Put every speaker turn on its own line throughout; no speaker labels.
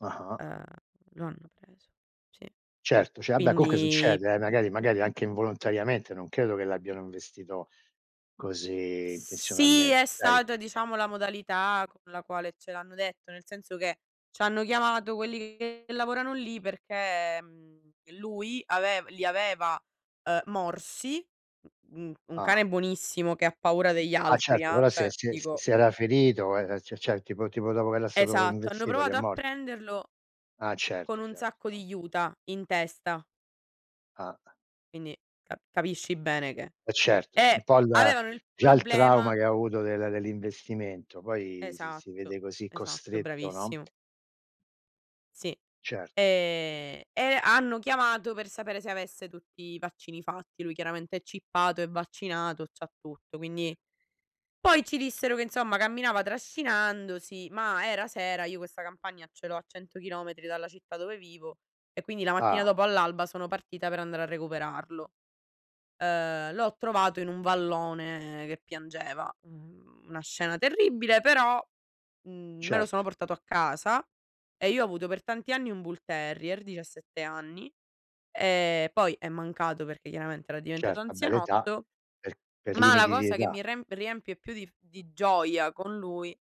Ah-ah.
Uhm, lo hanno preso. Sì.
Certo, cioè vabbè comunque
Quindi
succede, eh, magari magari anche involontariamente, non credo che l'abbiano investito così
Sì,
intenzionalmente.
è
Dai.
stata diciamo la modalità con la quale ce l'hanno detto, nel senso che ci hanno chiamato quelli che lavorano lì, perché, mhmm, lui avev li aveva, uhm, morsi. Un un
Ah.
cane buonissimo che ha paura degli
Ah
altri,
certo,
ehm,
ora se
cioè
se
dico
se era ferito e e c'è c'è tipo tipo dopo che era stato
Esatto, hanno
investito lì è
provato a
morto.
prenderlo
Ah
con
certo,
un
certo,
sacco
no.
di juta in testa.
Ah.
Quindi ca capisci bene che
Eh certo, un
eh,
po' il
avevano il
già il trauma,
problema
che ha avuto del dell'investimento, poi si si
Esatto,
vede così
esatto
costretto, no?
bravissimo. Sì,
Certo.
e e hanno chiamato per sapere se avesse tutti i vaccini fatti. Lui chiaramente è chippato, è vaccinato, c'ha tutto quindi poi, ci dissero che insomma camminava trascinandosi, ma era sera, io questa campagna ce l'ho a 100 chilometri dalla città dove vivo, e quindi la mattina
Ah.
dopo all'alba, sono partita per andare a recuperarlo. Uhm, l'ho trovato in un vallone che piangeva. Uhm, una scena terribile, però, mhmm, me lo sono
Certo.
portato a casa, e io ho avuto per tanti anni un Bull Terrier, 17 anni. E poi è mancato perché chiaramente era diventato
Certo, vabbè l'età
anzianotto
per per
ma la
limiti di
cosa che
età.
mi remp riempie più di f di gioia con lui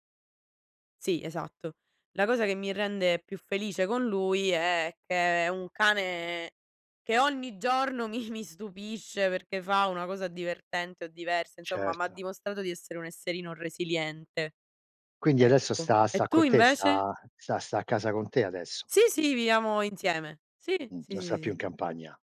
Sì, esatto. La cosa che mi rende più felice con lui, è che è un cane che ogni giorno mi mi stupisce, perché fa una cosa divertente o diversa, insomma, mi ha
Certo.
dimostrato di essere un esserino resiliente.
Quindi adesso
Ecco.
sta
E
sta
tu
con te,
invece?
sta sta sta a casa con te adesso?
Sì, sì, viviamo insieme. Sì,
Mh,
sì,
non
sì,
sta più in
sì.
campagna.